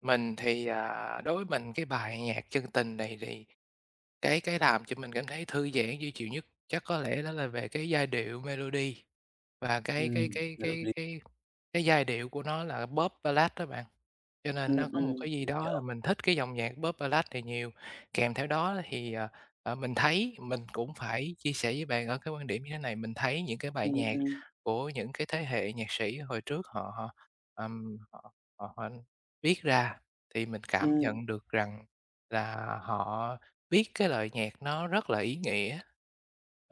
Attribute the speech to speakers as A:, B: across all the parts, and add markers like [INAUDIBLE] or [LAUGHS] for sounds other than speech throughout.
A: Mình thì, à, đối với mình cái bài nhạc "Chân tình" này thì cái cái làm cho mình cảm thấy thư giãn, dễ chịu nhất chắc có lẽ đó là về cái giai điệu, melody, và cái cái
B: Ừm,
A: cái cái
B: melody.
A: cái cái giai điệu của nó là Pop Ballad đó bạn, cho nên nó
B: Ừm,
A: có một
B: ừm,
A: cái gì
B: mình
A: đó là
B: hiểu.
A: mình thích cái dòng nhạc Pop Ballad này nhiều. Kèm theo đó là thì, ờ, ờ, mình thấy, mình cũng phải chia sẻ với bạn ở cái quan điểm như thế này, mình thấy những cái bài
B: Ừm,
A: nhạc
B: ừm.
A: của những cái thế hệ nhạc sĩ hồi trước họ họ, ờm, họ họ họ viết ra thì mình cảm
B: Ừm.
A: nhận được rằng là họ viết cái lời nhạc nó rất là ý nghĩa.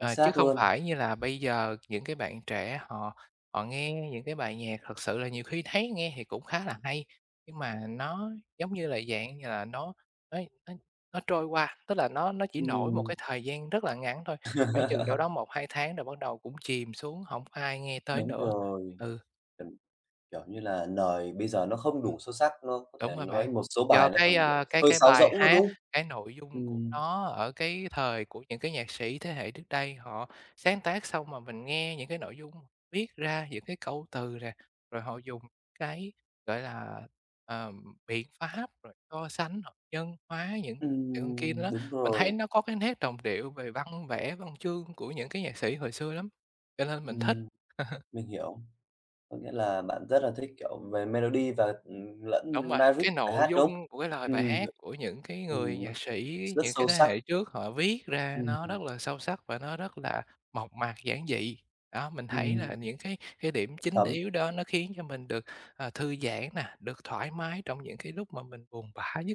B: Chính
A: chứ
B: xác
A: không
B: luôn.
A: phải như là bây giờ những cái bạn trẻ họ họ nghe những cái bài nhạc thật sự là nhiều khi thấy nghe thì cũng khá là hay, nhưng mà nó, giống như là, dạng như là, nó nó nó nó trôi qua, tức là nó nó chỉ nổi một
B: Ừm.
A: cái thời gian rất là ngắn thôi, khoảng chừng đâu đó
B: [LAUGHS]
A: 1-2 tháng rồi bắt đầu cũng chìm xuống, hổng ai nghe tới
B: Đúng
A: nữa.
B: rồi.
A: Ừ.
B: Ừm. Kiểu như là, lời bây giờ nó không
A: Ừm.
B: đủ sâu sắc, đúng không? Có
A: Đúng
B: thể
A: rồi bạn.
B: nói một số
A: Do
B: bài nó
A: cái,
B: còn, kiểu,
A: à, cái
B: hơi
A: cái
B: sáo
A: bài
B: rỗng nữa
A: hát,
B: đúng
A: cái nội dung của
B: Ừm.
A: nó ở cái thời của những cái nhạc sĩ thế hệ trước đây họ sáng tác xong mà mình nghe những cái nội dung viết ra, những cái câu từ nè, rồi họ dùng cái, gọi là, ờ, biện pháp, rồi so sánh hoặc nhân hóa những [UNINTELLIGIBLE] kia
B: Ừm.
A: đó.
B: Đúng
A: Mình thấy
B: rồi.
A: nó có cái nét đồng điệu về văn vẻ, văn chương của những cái nhạc sĩ hồi xưa lắm, cho nên mình thích.
B: Ừm.
A: [LAUGHS]
B: Mình hiểu. Có nghĩa là bạn rất là thích, kiểu, về melody và, ừm,
A: Đúng
B: lẫn
A: rồi,
B: lyrics
A: cái
B: bài
A: nội
B: hát đúng
A: dung của cái lời bài
B: Ừm.
A: hát của những cái người
B: Ừm, nó
A: nhạc sĩ
B: s rất
A: những cái
B: sâu
A: thế
B: sắc.
A: hệ trước họ viết ra nó
B: Ừm.
A: rất là sâu sắc và nó rất là mộc mạc, giản dị. Đó, mình thấy là
B: Ừm.
A: những cái cái điểm chính
B: Thấm.
A: yếu đó nó khiến cho mình được, ờ, thư giãn nè, được thoải mái trong những cái lúc mà mình buồn bã nhất.